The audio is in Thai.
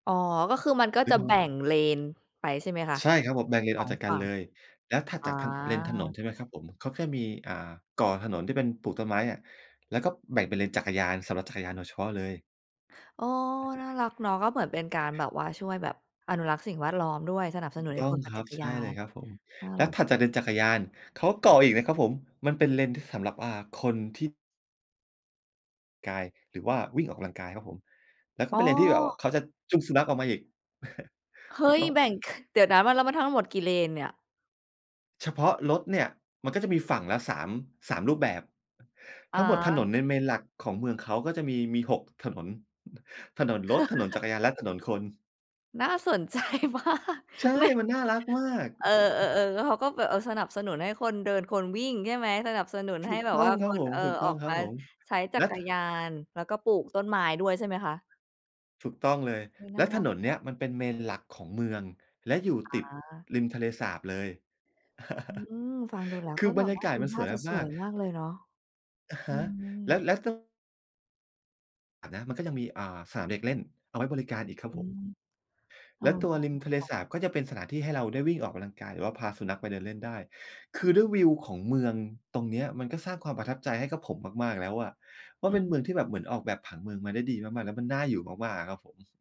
อ๋อ ก็คือมันก็หรืจอะเขแบา ่งเลนไปใช่ไหมคะ? ใช่ครับผม แบ่งเลนสอออกง จากกฝันั่เลง ย แล้วถัดอา จากทาง เลนถนน ใช่ไหมครับผม เขาแค่มี อ่า ก่อถนนที่เป็นปลูกต้นไม้อะ แล้วก็แบ่งเป็นเลนจักรยาน สำหรับจักรยานโดยเฉพาะเลย โอ้ น่ารักเนาะ ก็เหมือนเป็นการแบบว่าช่วยแบบอนุรักษ์สิ่งแวดล้อมด้วย สนับสถูนุกนใหต้้อคงนปัค่นรจัับ กรใชย่าเลยน ครับผม น่าแล้รัวก ถัดจากเลนจักรยาน เขาก่ออีกนะครับผม มันเป็นเลนที่สำหรับว่า คนที่ กาย หรือว่าวิ่งออกกำลังกายครับผม แล้วก็อ๋เป็นเลนที่แบบว่อ าเขาจะจูงสุนัขออกมาอีก เฮถูก้ย ต้อง แบ่ง ค เดี๋ยวนะ แล้วมันทั้งหมดกี่เลนเนี่ย? เฉพาะรถเนี่ย มันก็จะมีฝั่งละสาม 3 รูปแบบ อท๋ั้งหมดถนอ นใน Main หลักของเมืองเขาก็จะมี มี 6 ถนน ถนนรถ ถนนจักรยาน และถนนคน น่าสน ใจมาก ใช่ ไม่ มันน่ารักมาก เออ เออ ๆ แล้วเขาก็แบบ เออ สนับสนุนให้คนเดินคนวิ่งใช่ไหม? สนับสนุนถใหู้กแบตบ้วอ่งาครคับน ผม เอ่อ ออกมาใช้จๆ ัและ กรยาน แล้วก็ปลูกต้นไม้ด้วยใช่ไหมคะ? ถูกต้องเลย เฮ้ย นแ่ลาะรถักนนเจนัี้ง ยมันเป็น Main หลักของเมือง และอยู่ติดอา ริมทะเลสาบเลย อืม ฟังดูแล้วแลค้วกื็อบแบรรบยาว่า กาดศูมันทส่าวยจะสมาวก ยมากเลยเนาะ ๆ อะฮอืะ ม แล้ว แล้วต้อง อา นะ มันก็ยังมี อ่า สนามเด็กเล่นเอาไว้บริการอีกครัอบืผม ม เอแอ ล้วตัวน่ารัรกิมทะเลจัง สาบก็จะเป็นสถานที่ให้เราได้วิ่งออกกำลังกาย หรือว่าพาสุนัขไปเดินเล่นได้ คือด้วยวิวของเมืองตรงเนี้ย มันก็สร้างความประทับใจให้กับผมมาก ๆ แล้วอะว่า อืเปอ็นฮึ เมืองที่แบบเหมือนออกแบบผังเมืองมาได้ดีมาก ๆ แล้วมันน่าอยู่มาก ๆ อะครับผม